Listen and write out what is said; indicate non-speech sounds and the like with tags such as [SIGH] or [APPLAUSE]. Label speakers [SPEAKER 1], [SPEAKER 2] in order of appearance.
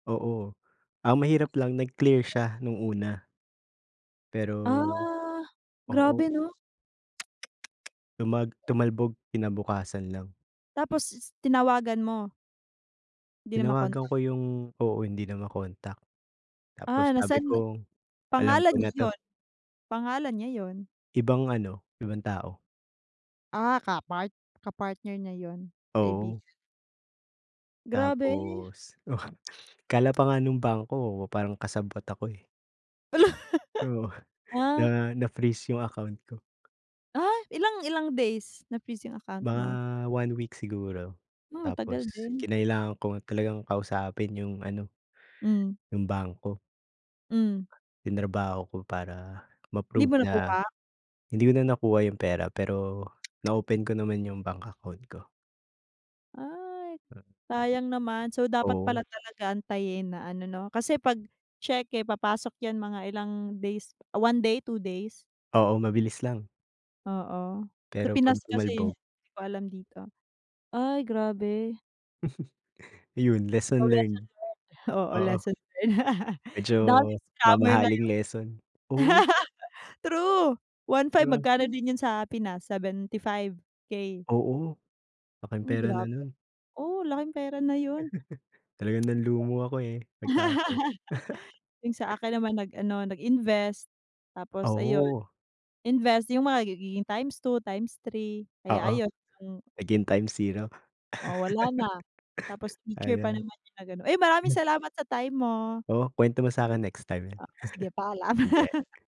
[SPEAKER 1] Oo. Ang mahirap lang nag-clear siya nung una. Pero
[SPEAKER 2] Ah, Grabe
[SPEAKER 1] oo.
[SPEAKER 2] ano?
[SPEAKER 1] Tumag
[SPEAKER 2] [TSK]
[SPEAKER 1] tumalbog kinabukasan lang.
[SPEAKER 2] Tapos, is tinawagan mo? Di na
[SPEAKER 1] Tinawagan
[SPEAKER 2] ma-contact.
[SPEAKER 1] ko yung oo hindi na ma-contact. Tapos
[SPEAKER 2] Ah,
[SPEAKER 1] sabi
[SPEAKER 2] nasaan na
[SPEAKER 1] ko alam
[SPEAKER 2] pangalan
[SPEAKER 1] ko
[SPEAKER 2] niya
[SPEAKER 1] na 'to.
[SPEAKER 2] iyon pangalan niya iyon.
[SPEAKER 1] Ibang ano, ibang tao.
[SPEAKER 2] Ah, kapart kapartner niya yun,
[SPEAKER 1] Oo.
[SPEAKER 2] kaibigan. Grabe.
[SPEAKER 1] Tapos. [CHUCKLES] Akala
[SPEAKER 2] [TSK]
[SPEAKER 1] pa nga nung bangko parang kasabwat ako eh.
[SPEAKER 2] Hala!
[SPEAKER 1] Oo,
[SPEAKER 2] Ah.
[SPEAKER 1] na na-freeze yung account ko.
[SPEAKER 2] Ah, ilang ilang days na-freeze yung account mo?
[SPEAKER 1] Mga one week siguro.
[SPEAKER 2] Oh,
[SPEAKER 1] Tapos,
[SPEAKER 2] matagal din.
[SPEAKER 1] kinailangan ko talagang kausapin yung ano
[SPEAKER 2] Hmm.
[SPEAKER 1] yung bangko.
[SPEAKER 2] Hmm.
[SPEAKER 1] Trinabaho ko para
[SPEAKER 2] Hindi
[SPEAKER 1] ma-prove
[SPEAKER 2] ba
[SPEAKER 1] na
[SPEAKER 2] nakuha?
[SPEAKER 1] hindi ko na nakuha yung pera, pero,
[SPEAKER 2] [TSK]
[SPEAKER 1] na-open ko naman yung bank account ko.
[SPEAKER 2] Ay,
[SPEAKER 1] Mm.
[SPEAKER 2] sayang naman. So dapat
[SPEAKER 1] Oo.
[SPEAKER 2] pala talaga antayin na ano no, kasi pag tseke papasok yan mga ilang days, 1 day, 2 days.
[SPEAKER 1] Oo, mabilis lang.
[SPEAKER 2] Oo, sa
[SPEAKER 1] Pero pag
[SPEAKER 2] Pinas kasi iyon,
[SPEAKER 1] tumalbog
[SPEAKER 2] eh, di ko alam dito. Ay, grabe.
[SPEAKER 1] [CHUCKLES] Iyon,
[SPEAKER 2] O,
[SPEAKER 1] lesson
[SPEAKER 2] lesson
[SPEAKER 1] learned.
[SPEAKER 2] learned. Oo,
[SPEAKER 1] Oo.
[SPEAKER 2] lesson learned. [LAUGHS]
[SPEAKER 1] Medyo,
[SPEAKER 2] Daming scammer
[SPEAKER 1] mamahaling
[SPEAKER 2] ngayon
[SPEAKER 1] lesson, oh
[SPEAKER 2] [LAUGHS] True. one
[SPEAKER 1] Di
[SPEAKER 2] five
[SPEAKER 1] ba?
[SPEAKER 2] magkano din yun sa Pinas, 75K.
[SPEAKER 1] Oo, laking
[SPEAKER 2] Mm,
[SPEAKER 1] pera na
[SPEAKER 2] grabe.
[SPEAKER 1] nun.
[SPEAKER 2] Oh, laking pera na yun.
[SPEAKER 1] [CHUCKLES] Talagang
[SPEAKER 2] [LAUGHS]
[SPEAKER 1] nanlumo ako, eh, pagtapos.
[SPEAKER 2] Yung sa
[SPEAKER 1] [CHUCKLES]
[SPEAKER 2] akin naman nag ano, nag-invest.
[SPEAKER 1] Ah,
[SPEAKER 2] Tapos ayun,
[SPEAKER 1] oo.
[SPEAKER 2] invest yung mga magiging x2, x3, kaya
[SPEAKER 1] Oo
[SPEAKER 2] ayun ang
[SPEAKER 1] naging times zero.
[SPEAKER 2] Oh, wala na.
[SPEAKER 1] [CHUCKLES]
[SPEAKER 2] Tapos teacher pa
[SPEAKER 1] Ayan.
[SPEAKER 2] naman yung nag ano uy, maraming salamat sa time mo.
[SPEAKER 1] Oh, kwento mo sa akin next time.
[SPEAKER 2] Ah, o sige, paalam.
[SPEAKER 1] Sige.
[SPEAKER 2] [LAUGHS]